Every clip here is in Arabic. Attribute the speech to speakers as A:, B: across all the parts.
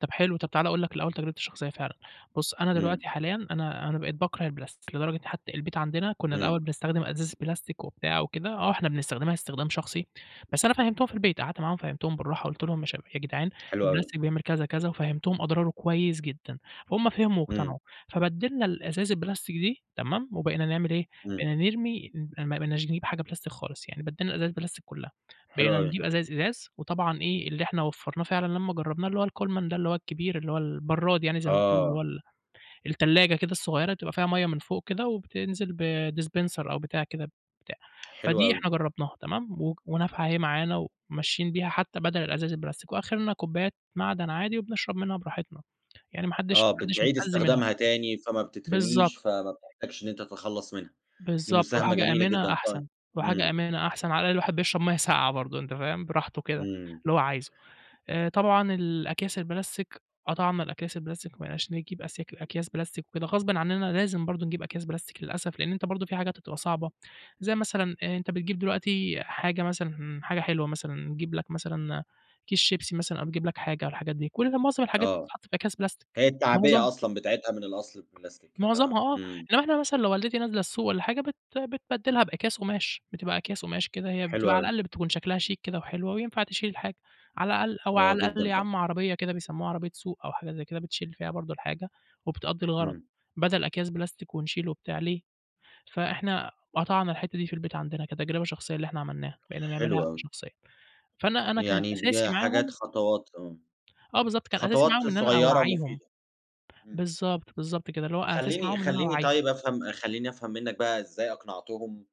A: طب حلو، طب تعالَ اقول لك الأول تجربتي الشخصية فعلًا. بُص، أنا
B: إمم.
A: دلوقتي حاليًا أنا أنا بقيت باكرَه البلاستيك، لدرجة حتى البيت عندنا كنا
B: إمم.
A: الأول بنستخدم أزايز بلاستيك وبتاع وكده. آه، إحنا بنستخدمها استخدام شخصي بس أنا فَهّمتهم في البيت قعدت معاهم فَهّمتهم بالرّاحة، قلت لهم: "يا شب يا جدعان
B: حلو أوي.
A: البلاستيك بيعمل كذا كذا"، وفَهّمتهم أضراره كويس جدًا، فهُم فهموا
B: إمم.
A: واقتنعوا. فبدّلنا الأزايز البلاستيك دي، تمام؟ وبقينا نعمل إيه،
B: إمم.
A: بقينا نرمي ما بقيناش نجيب حاجة بلاستيك خالص. يعني بدّلنا الأزايز البلاستيك كلها.
B: حلو
A: بقينا
B: أوي.
A: نجيب أزايز إزاز وطبعًا إيه، اللي إحنا وفّرناه فعلًا لما جرّبناه اللي هو الكولمن ده، اللي هو الكبير، اللي هو البَرّاد يعني زي ما بيقولوا، اللي هو
B: آه.
A: ال التلاجة كده الصغيرة تبقى فيها مَيّة من فوق كده وبتنزل ب dispenser أو بتاع كده بتاع.
B: حلو
A: فدي
B: أوي.
A: إحنا جرّبناها تمام؟ وك ونافعه اهي معانا، وماشيين بيها حتى بدل الأزايز البلاستيك، وآخرنا كوبيات معدن عادي وبنشرب منها براحتنا. يعني ما حدّش
B: آه،
A: ما حدّش
B: بتعِيد
A: متأذي منها.
B: استخدامها تاني، فما
A: بالضبط.
B: بتترمِيش، فما بتحتاجش إن أنت تتخلّص منها. دي
A: باالضبط،
B: مساهَمة
A: وحاجة
B: جميلة
A: آمِنة
B: جدًا. طي
A: أحسن، وحاجة
B: إمم.
A: آمِنة أحسن. على الأقل الواحد بيشرَب مَيّة ساقْعة برضه، أنتَ فاهم؟ براحته كده،
B: إمم.
A: اللي هو عايزه. آآ، طبعًا الأكياس البلاستيك، قطَعنا الأكياس البلاستيك. ما بقيناش نجِيب أسياك أكياس بلاستيك وكده، غصبٍ عننا لازم برضه نجِيب أكياس بلاستيك للأسف، لإن أنتَ برضه في حاجات هتبقى صعبة. زي مثلًا أنتَ بتجِيب دلوقتي حاجة مثلًا، حاجة حلوة مثلًا نِجيب لك مثلًا كيس شيبسي مثلًا، أو بتجِيب لك حاجة، أو الحاجات دي، كل ده معظم الحاجات دي
B: آه،
A: بتتحَط في أكياس بلاستيك،
B: هي
A: معظم
B: التعبِية أصلًا بتاعِتها من الأصل البلاستيك. ف
A: معظَمها، آه.
B: إمم.
A: إنما إحنا مثلًا لو والدتي نازِلة السوق والّا حاجة، بت بتبدّلها بأكياس قُماش. بتبقى أكياس قُماش كده، هي
B: حلو
A: بتبقى على
B: أوي.
A: الأقل بتكون شكلها شيك كده وحلوة، وينفع تشِيل الحاجة. على الأقل، أو
B: آه،
A: على الأقل
B: جدًا
A: يا
B: هأ
A: عم عربيَّة كده بيسَمُّوها عربيَّة سوق، أو حاجة زي كده، بتشِيل فيها برضه الحاجة وبتقضّي الغرض،
B: إمم.
A: بدل أكياس بلاستيك ونشِيل وبتاع، ليه؟ فإحنا قطَعنا الحتة دي في البيت عندنا كتجربة شخصية، اللي إحنا عملناها، بقينا نعملها
B: حلو
A: إحنا
B: أوي.
A: شخصيًا، فأنا أنا كانت
B: يعني بج
A: أساسي
B: حاجات
A: معاهم
B: خطوات تمام.
A: آه بالضبط، كان أساسي
B: خطوات
A: معاهم إن أنا
B: صغيرة
A: أوعيّهم.
B: مفيدة. إمم.
A: بالضبط، بالضبط كده، اللي هو أساسي
B: خلّيني
A: معاهم إن أنا
B: خلّيني
A: أوعّيهم.
B: طيب أفهم خلّيني أفهم منك بقى إزاي أقنَعتهُم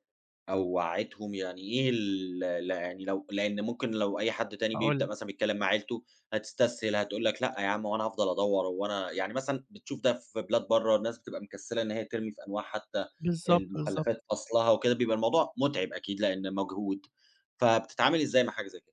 B: أو وعّيتهم. يعني إيه ال ل يعني، لو لإن ممكن لو أي حد تاني
A: هاقول
B: بيبدأ
A: لك.
B: مثلًا بيتكلَّم مع عيلته هتستسهِل، هتقول لك: "لأ يا عم، هو أنا هافضَل ادوّر؟" هو أنا يعني، مثلًا بتشوف ده في بلاد برا، الناس بتبقى مكسّلة إن هي ترمِي في أنواع حتى
A: بالضبط، بالضبط.
B: المخلَّفات فَصلها وكده، بيبقى الموضوع متعِب أكيد لإنه مجهود. فبتتعامَل إزاي مع حاجة زي كده؟